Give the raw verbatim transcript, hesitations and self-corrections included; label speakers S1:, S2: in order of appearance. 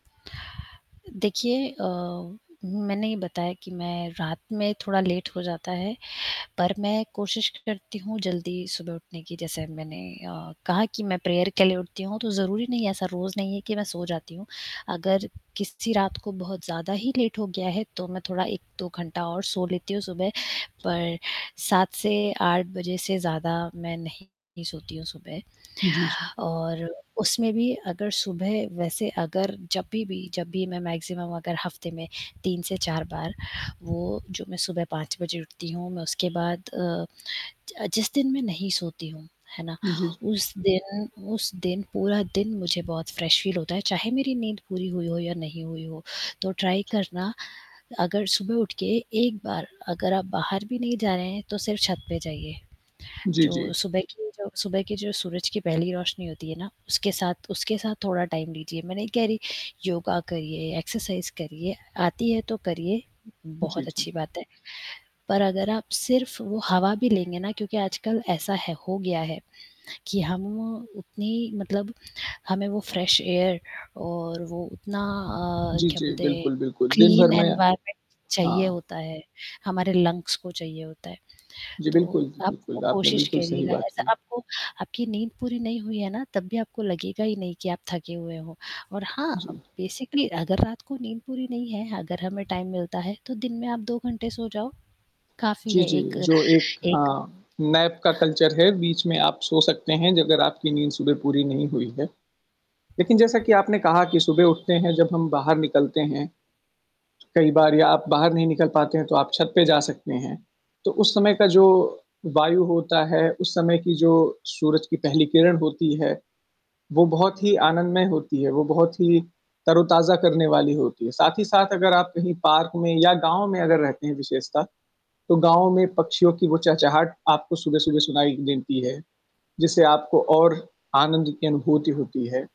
S1: देखिए अ, मैंने ये बताया कि मैं रात में थोड़ा लेट हो जाता है, पर मैं कोशिश करती हूँ जल्दी सुबह उठने की जैसे मैंने अ, कहा कि मैं प्रेयर के लिए उठती हूँ। तो ज़रूरी नहीं है ऐसा रोज़ नहीं है कि मैं सो जाती हूँ। अगर किसी रात को बहुत ज़्यादा ही लेट हो गया है। तो मैं थोड़ा एक दो घंटा और सो लेती हूँ सुबह। पर सात से आठ बजे से ज़्यादा मैं नहीं सोती हूँ सुबह
S2: जी, जी।
S1: और उसमें भी अगर सुबह वैसे अगर जब भी जब भी मैं मैक्सिमम अगर हफ्ते में तीन से चार बार, वो जो मैं सुबह पाँच बजे उठती हूँ। मैं उसके बाद अ, जि जिस दिन मैं नहीं सोती हूँ, है ना?
S2: जी, जी।
S1: उस दिन उस दिन पूरा दिन मुझे बहुत फ्रेश फ़ील होता है चाहे मेरी नींद पूरी हुई हो या नहीं हुई हो। तो ट्राई करना, अगर सुबह उठ के एक बार अगर आप बाहर भी नहीं जा रहे हैं तो सिर्फ़ छत पे जाइए।
S2: जी, जी।
S1: जो सुबह की जो सुबह की जो सूरज की पहली रोशनी होती है ना, उसके साथ उसके साथ थोड़ा टाइम लीजिए। मैं नहीं कह रही योगा करिए एक्सरसाइज़ करिए आती है तो करिए,
S2: जी,
S1: बहुत
S2: जी।
S1: अच्छी बात है, पर अगर आप सिर्फ़ वो हवा भी लेंगे ना क्योंकि आजकल ऐसा है हो गया है, कि हम उतनी मतलब हमें वो फ्रेश एयर और वो उतना अ,
S2: जी,
S1: क्या
S2: जी,
S1: बोलते हैं
S2: बिल्कुल, बिल्कुल दिन भर
S1: क्लीन
S2: में
S1: एनवायरमेंट चाहिए
S2: हाँ।
S1: होता है। हमारे लंग्स को चाहिए होता है।
S2: जी
S1: तो
S2: बिल्कुल, जी
S1: आप
S2: बिल्कुल। आपने
S1: कोशिश
S2: बिल्कुल सही
S1: करिएगा
S2: बात
S1: ऐसा
S2: कही।
S1: आपको आपकी नींद पूरी नहीं हुई है ना तब भी आपको लगेगा ही नहीं कि आप थके हुए हों। और हाँ अ,
S2: जी।
S1: बेसिकली अगर रात को नींद पूरी नहीं है अगर हमें टाइम मिलता है, तो दिन में आप दो घंटे सो जाओ काफ़ी
S2: जी,
S1: है
S2: जी,
S1: एक
S2: जो एक
S1: एक
S2: हाँ नैप का कल्चर है बीच में आप सो सकते हैं, अगर आपकी नींद सुबह पूरी नहीं हुई है। लेकिन जैसा कि आपने कहा कि सुबह उठते हैं जब हम बाहर निकलते हैं कई बार या आप बाहर नहीं निकल पाते हैं तो आप छत पे जा सकते हैं। तो उस समय का जो वायु होता है, उस समय की जो सूरज की पहली किरण होती है, वो बहुत ही आनंदमय होती है, वो बहुत ही तरोताज़ा करने वाली होती है, साथ ही साथ अगर आप कहीं पार्क में या गाँव में अगर रहते हैं विशेषता। तो गाँव में पक्षियों की वो चहचाहट आपको सुबह-सुबह सुनाई देती है, जिससे आपको और आनंद की अनुभूति होती है।